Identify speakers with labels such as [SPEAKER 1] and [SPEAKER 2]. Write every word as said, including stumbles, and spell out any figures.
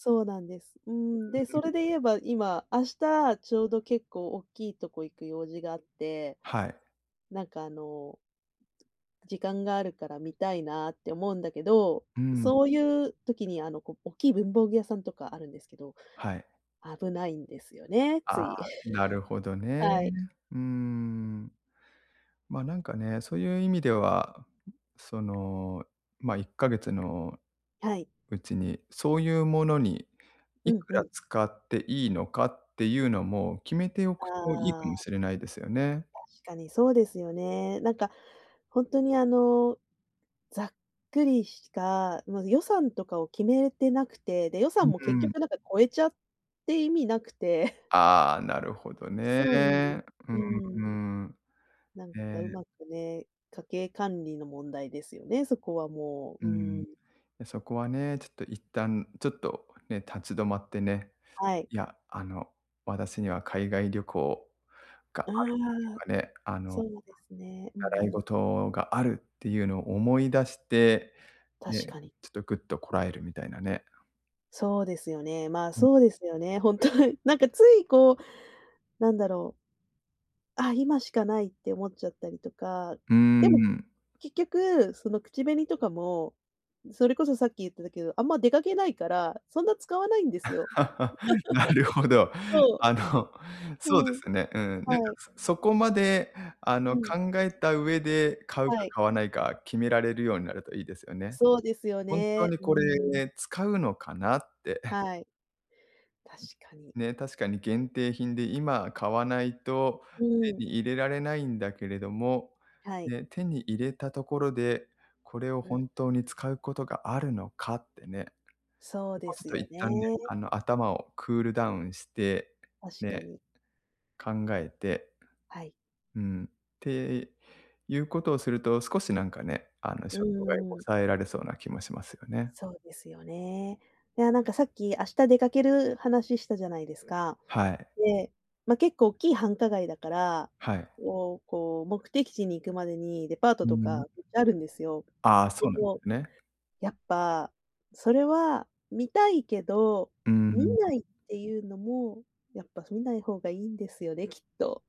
[SPEAKER 1] そうなんです。う
[SPEAKER 2] う
[SPEAKER 1] ん、で、
[SPEAKER 2] ー
[SPEAKER 1] そ
[SPEAKER 2] ん。
[SPEAKER 1] れで言えば、今、明日、ちょうど結構おっきいとこ行く用事があって、
[SPEAKER 2] はい。
[SPEAKER 1] なんか、あの、時間があるから見たいなって思うんだけど、
[SPEAKER 2] うーん。
[SPEAKER 1] そういう時に、あの、こ、おっきい文房具屋さんとかあるんですけど、
[SPEAKER 2] はい。
[SPEAKER 1] 危ないんですよね、
[SPEAKER 2] あ
[SPEAKER 1] つ
[SPEAKER 2] あ、
[SPEAKER 1] い。
[SPEAKER 2] なるほど ね。
[SPEAKER 1] はい。
[SPEAKER 2] うーん。ま、なんかね、そういう意味では、その、ま、いっかげつの
[SPEAKER 1] はい。
[SPEAKER 2] うちに、そういうものに
[SPEAKER 1] う
[SPEAKER 2] い
[SPEAKER 1] ん
[SPEAKER 2] く
[SPEAKER 1] う
[SPEAKER 2] ら
[SPEAKER 1] ん。
[SPEAKER 2] 使っていいのかっていうのも、決めておくといいか
[SPEAKER 1] あ
[SPEAKER 2] も
[SPEAKER 1] あ。
[SPEAKER 2] しれないですよね。
[SPEAKER 1] 確かにそうですよね。なんか、ほんとに、あの、ざっくりした、ま、予算とかを決めてなくて、で、予
[SPEAKER 2] う
[SPEAKER 1] 算も結
[SPEAKER 2] ん。
[SPEAKER 1] 局なんか超えちゃって意味なくて。
[SPEAKER 2] ああ、なるほど
[SPEAKER 1] そうなんです。
[SPEAKER 2] ね。う
[SPEAKER 1] うー
[SPEAKER 2] ー
[SPEAKER 1] ん。
[SPEAKER 2] ん。
[SPEAKER 1] なん
[SPEAKER 2] え
[SPEAKER 1] か
[SPEAKER 2] え。
[SPEAKER 1] 上手くね、家計管理の問題ですよね、そこはも
[SPEAKER 2] う
[SPEAKER 1] う、
[SPEAKER 2] ー
[SPEAKER 1] うー
[SPEAKER 2] ん、
[SPEAKER 1] ん。
[SPEAKER 2] や、そこはね、ちょっと一旦、ちょっとね、立ち止まってね、
[SPEAKER 1] はい。
[SPEAKER 2] いや、あの、「私には海外旅行が
[SPEAKER 1] あ
[SPEAKER 2] ある」と
[SPEAKER 1] あ、
[SPEAKER 2] かね、あ
[SPEAKER 1] そ
[SPEAKER 2] の
[SPEAKER 1] うですね。うん
[SPEAKER 2] 「習
[SPEAKER 1] う
[SPEAKER 2] い
[SPEAKER 1] ん。
[SPEAKER 2] 事がある」っていうのを思い出して
[SPEAKER 1] 確
[SPEAKER 2] ね、
[SPEAKER 1] かに。
[SPEAKER 2] ちょっとグッとこらえるみたいなね。
[SPEAKER 1] そうですよね。まあ、
[SPEAKER 2] ん
[SPEAKER 1] そうですよね、本当に。なんか、つい、こう、なんだろう。あ、今しかないって思っちゃったりとか、
[SPEAKER 2] うー
[SPEAKER 1] でも
[SPEAKER 2] ん。
[SPEAKER 1] 結局、その口紅とかも、それこそさっき言ってたけど、あんま出かけないから、そんな使わないんですよ。
[SPEAKER 2] なるほど。
[SPEAKER 1] そ
[SPEAKER 2] あの、
[SPEAKER 1] う。
[SPEAKER 2] そうで
[SPEAKER 1] うん。
[SPEAKER 2] すね。うん、なん
[SPEAKER 1] は
[SPEAKER 2] か、
[SPEAKER 1] い。
[SPEAKER 2] そそこまで、あ
[SPEAKER 1] う
[SPEAKER 2] の、
[SPEAKER 1] ん。
[SPEAKER 2] 考えた上で、買う
[SPEAKER 1] は
[SPEAKER 2] か
[SPEAKER 1] い。
[SPEAKER 2] 買わないか決められるようになるといいですよね。
[SPEAKER 1] そうですよ
[SPEAKER 2] ほんと
[SPEAKER 1] ね。
[SPEAKER 2] に
[SPEAKER 1] うー
[SPEAKER 2] こ
[SPEAKER 1] ん。
[SPEAKER 2] れ使うのかなって。
[SPEAKER 1] はい、確かに。
[SPEAKER 2] ね、確かに限定品で今買わないと
[SPEAKER 1] う
[SPEAKER 2] 手
[SPEAKER 1] ーん。
[SPEAKER 2] に入れられないんだけれども、
[SPEAKER 1] はい。
[SPEAKER 2] ね、手に入れたところで、これを
[SPEAKER 1] うん。
[SPEAKER 2] 本当に
[SPEAKER 1] [unintelligible]
[SPEAKER 2] 使うことがあるのかってね。
[SPEAKER 1] そう
[SPEAKER 2] そこ
[SPEAKER 1] で
[SPEAKER 2] はちょっ
[SPEAKER 1] す
[SPEAKER 2] と
[SPEAKER 1] よ
[SPEAKER 2] 一
[SPEAKER 1] ね。
[SPEAKER 2] 旦ね、あの、頭をクールダウンして、
[SPEAKER 1] 確か
[SPEAKER 2] ね、
[SPEAKER 1] に。
[SPEAKER 2] 考えて。
[SPEAKER 1] はい。
[SPEAKER 2] うん、っていうことをすると、少しなんかね、あの
[SPEAKER 1] う
[SPEAKER 2] 衝動買い
[SPEAKER 1] ーん。
[SPEAKER 2] 抑えられそうな気もしますよね。
[SPEAKER 1] そうですよね。いや、なんか、さっき明日出かける話したじゃないですか。
[SPEAKER 2] はい。
[SPEAKER 1] で、ま、結構おっきい繁華街だから、
[SPEAKER 2] はい。
[SPEAKER 1] こうこう目的地に行くまでにデパート
[SPEAKER 2] うー
[SPEAKER 1] と
[SPEAKER 2] ん。
[SPEAKER 1] かめっちゃあるんですよ。
[SPEAKER 2] ああ、
[SPEAKER 1] で
[SPEAKER 2] そうなんで
[SPEAKER 1] も、
[SPEAKER 2] すね。
[SPEAKER 1] やっぱ、それは、見たいけど
[SPEAKER 2] うー
[SPEAKER 1] 見
[SPEAKER 2] ん。
[SPEAKER 1] ないっていうのもやっぱ見ない方がいいんですよね、きっと。